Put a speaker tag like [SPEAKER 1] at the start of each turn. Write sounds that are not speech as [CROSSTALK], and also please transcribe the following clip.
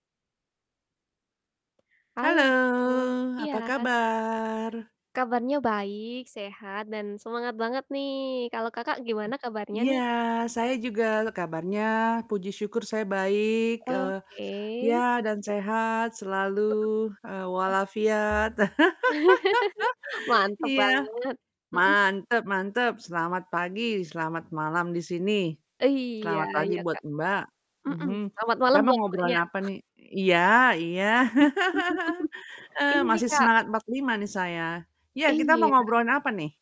[SPEAKER 1] Halo.
[SPEAKER 2] Halo,
[SPEAKER 1] Iya
[SPEAKER 2] apa
[SPEAKER 1] s
[SPEAKER 2] kabar?
[SPEAKER 1] Kabarnya baik, sehat, dan semangat banget, nih. Kalau Kakak gimana kabarnya,
[SPEAKER 2] Iya,
[SPEAKER 1] nih?
[SPEAKER 2] saya juga kabarnya, puji syukur saya baik, eee,
[SPEAKER 1] Oke.
[SPEAKER 2] ya, dan sehat, selalu,
[SPEAKER 1] Heeh,
[SPEAKER 2] eee,
[SPEAKER 1] oh.
[SPEAKER 2] walafiat.
[SPEAKER 1] [LAUGHS]
[SPEAKER 2] [LAUGHS]
[SPEAKER 1] Mantap
[SPEAKER 2] Iya.
[SPEAKER 1] banget, mhm.
[SPEAKER 2] Mantap mantap, selamat pagi, selamat malam di sini,
[SPEAKER 1] Iya
[SPEAKER 2] selamat pagi
[SPEAKER 1] iya,
[SPEAKER 2] buat
[SPEAKER 1] Kak,
[SPEAKER 2] Mbak.
[SPEAKER 1] mhm.
[SPEAKER 2] Mhm.
[SPEAKER 1] Selamat
[SPEAKER 2] Kita
[SPEAKER 1] malam
[SPEAKER 2] mau
[SPEAKER 1] buat Mbaknya.
[SPEAKER 2] ngobrolin apa nih? Iya iya. [LAUGHS]
[SPEAKER 1] [LAUGHS]
[SPEAKER 2] Eee,
[SPEAKER 1] Ini nih,
[SPEAKER 2] masih
[SPEAKER 1] Kak
[SPEAKER 2] semangat 45 nih saya. Iya, kita mau
[SPEAKER 1] Iya.
[SPEAKER 2] ngobrolin apa nih?